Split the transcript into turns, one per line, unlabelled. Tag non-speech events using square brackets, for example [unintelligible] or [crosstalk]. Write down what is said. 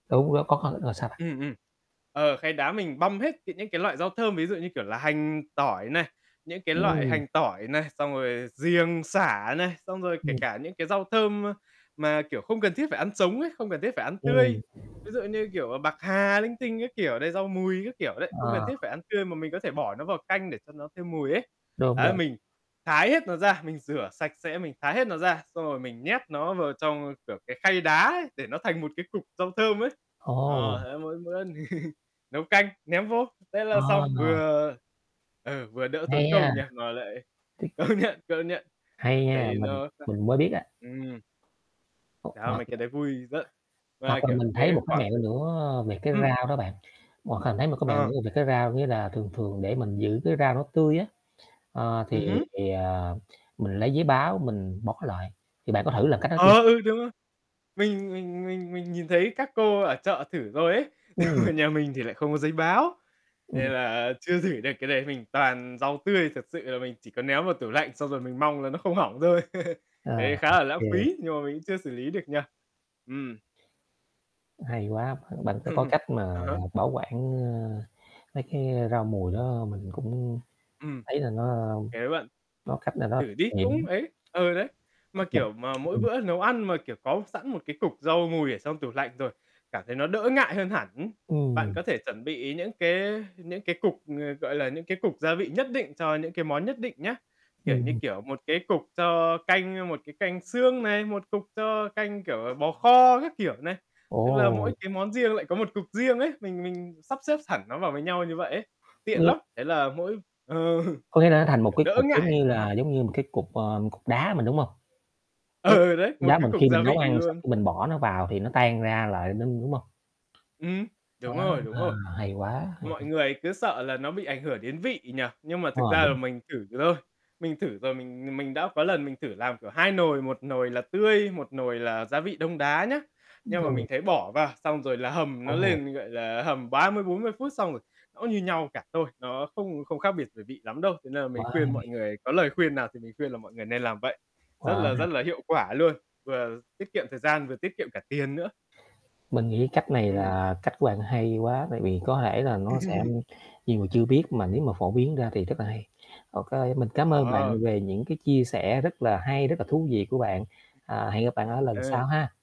Đúng, nó có khó, rồi sao bạn?
Ừm, ừm. Ờ, khay đá mình băm hết từ những cái loại rau thơm, ví dụ, như kiểu là, hành, tỏi này, những cái loại
Ừm.
hành, tỏi này, xong rồi giềng, sả này, xong rồi kể
Ừm.
cả những cái rau thơm, a, mà, kiểu, không cần thiết phải ăn sống ấy, không cần thiết phải ăn tươi.
Ừm
Ví dụ, như kiểu, bạc hà linh tinh các kiểu đấy, rau mùi các kiểu đấy, không cần
Ờ.
thiết phải ăn tươi mà mình có thể bỏ nó vào canh để cho nó thêm mùi ấy.
Đúng,
Đấy,
đúng.
mình thái hết nó ra, mình rửa sạch sẽ, mình thái hết nó ra, xong rồi mình nhét nó vào trong, kiểu, cái khay đá ấy để nó thành một cái cục rau thơm ấy.
Ồ!
Ờ, thế mỗi bữa [laughs] nấu canh, ném vô. Thế
À,
là xong
à.
vừa ờ, vừa đỡ tốn
Hay ha.
công nha, mà lại
Thích.
công nhận, công nhận.
Hay
Bạn
nha,
thấy
mình
nó [unintelligible]
mình mới biết á.
ừm. Đao mấy cái
[unintelligible]
đấy vui, rất mà,
Hoặc là
kiểu,
mình thấy
thế
một cái
khoảng
mẹo
từ
nữa, ơ, về cái
ừm.
rau đó bạn, [unintelligible] Thấy một cái mẹo
Ờ.
nữa về cái rau, nghĩa là, thường thường để mình giữ cái rau nó tươi á, ờ,
Ừm
thì,
hứm.
ờ, mình lấy giấy báo mình bọc nó lại, thì bạn có thử làm cách đó chưa?
Ờ, ừ, đúng rồi! Mình mình mình mình nhìn thấy các cô ở chợ thử rồi ấy,
Ừm.
[laughs] nhà mình thì lại không có giấy báo,
Ừm.
nên là chưa thử được cái đấy, mình toàn rau tươi thật sự là mình chỉ có ném vào tủ lạnh xong rồi mình mong là nó không hỏng thôi. [laughs]
À,
Đấy khá
ô
là lãng
kê.
phí nhưng mà mình cũng chưa xử lý được nhỉ. Ừm.
Hay quá, bạn bạn đã có
[chuckles]
cách
À
mà
há.
bảo quản, ơ, mấy cái rau mùi đó mình cũng
Ừm.
thấy là nó
[unintelligible]
có cách nào đó
Thử đi cũng
nghiệm.
ấy ờ, đấy. Mà,
[unintelligible]
kiểu, mà mỗi
Ừm.
bữa nấu ăn mà, kiểu, có sẵn một cái cục rau mùi ở trong tủ lạnh rồi, cảm thấy nó đỡ ngại hơn hẳn, hứm. Bạn
Ừm.
có thể chuẩn bị những cái những cái cục, ng gọi là, những cái cục gia vị nhất định cho những cái món nhất định nhá. Kiểu như,
Ừm.
kiểu, một cái cục cho canh, một cái canh xương này, một cục cho canh, kiểu, à, bò kho các kiểu này. Tức là mỗi
Ồ!
cái món riêng lại có một cục riêng ấy, mình mình sắp xếp sẳn nó vào với nhau như vậy ấy, tiện lắm.
[unintelligible]
Thế là mỗi ờ
Có nghĩa là nó thành một
kiểu,
cái
đỡ
cục giống
ngại
như là
[unintelligible]
giống như một cái cục, ờ, cục đá mình, đúng không?
Ừ,
Giống
ừ, đấy, một
đá
cái
mình
cục
khi
gia
mình nấu
vị
ăn sau
luôn.
cái mình bỏ nó vào thì nó tan ra lại ninh, đúng không?
Ừm,
À,
đúng rồi, đúng rồi.
hay quá,
Mọi
hay.
người cứ sợ là nó bị ảnh hưởng đến vị nhỉ. Nhưng mà
Ờ,
thực ra là
đúng.
mình thử rồi. Mình thử rồi mình mình đã có lần mình thử làm kiểu 2 nồi, 1 nồi là tươi, 1 nồi là gia vị đông đá nhá. Nhưng mà mình
[unintelligible]
thấy bỏ vào xong rồi là hầm nó
Ồ.
lên, gọi là, hầm 30-40 phút xong rồi nó như nhau cả thôi, nó không không khác biệt về vị lắm đâu. Cho nên là mình
Quá
khuyên mọi
hay.
người có lời khuyên nào thì mình khuyên là mọi người nên làm vậy. Rất
Quá
là, rất
hay.
là hiệu quả luôn, vừa tiết kiệm thời gian vừa tiết kiệm cả tiền nữa.
Mình nghĩ cách này
Ừm.
là cách của bạn hay quá tại vì có thể là nó sẽ
[laughs]
nhiều người chưa biết mà nếu mà phổ biến ra thì rất là hay. OK mình cám ơn bạn
Ờ.
về những cái chia sẻ rất là hay, rất là thú vị của bạn. À, hẹn gặp bạn ở lần
Ờ.
sau ha.